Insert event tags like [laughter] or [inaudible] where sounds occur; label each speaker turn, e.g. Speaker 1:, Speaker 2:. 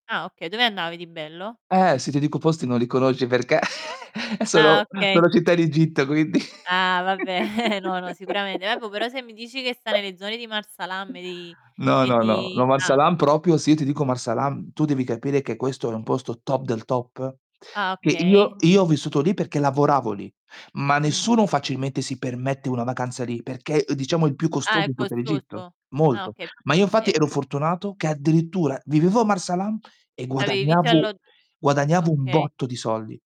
Speaker 1: Ah okay, dove andavi di bello?
Speaker 2: Eh, si ti dico posti non li conosci perché [chuckles]
Speaker 1: Ah,
Speaker 2: sono
Speaker 1: okay.
Speaker 2: sono città in Egitto quindi.
Speaker 1: Ah, vabbè, [chuckles] no, no sicuramente. Vabbò,
Speaker 2: [laughs]
Speaker 1: però se mi dici che sta nelle zone di Marsa Alam di
Speaker 2: No,
Speaker 1: e
Speaker 2: no, no,
Speaker 1: di
Speaker 2: no Marsa
Speaker 1: ah.
Speaker 2: Alam proprio, sì, ti dico Marsa Alam, tu devi capire che questo è un posto top del top
Speaker 1: Ah,
Speaker 2: che
Speaker 1: okay.
Speaker 2: io io ho vissuto lì perché lavoravo lì, ma
Speaker 1: Mh.
Speaker 2: nessuno facilmente si permette una vacanza lì perché diciamo è il più
Speaker 1: Ah,
Speaker 2: costoso
Speaker 1: è
Speaker 2: in tutta l'Egitto,
Speaker 1: costoso? Ah,
Speaker 2: molto.
Speaker 1: okay,
Speaker 2: Ma io infatti
Speaker 1: è
Speaker 2: ero fortunato che addirittura vivevo a Marsa Alam e
Speaker 1: Avevi vitto e
Speaker 2: guadagnavo,
Speaker 1: allogg
Speaker 2: guadagnavo un
Speaker 1: okay.
Speaker 2: botto di soldi.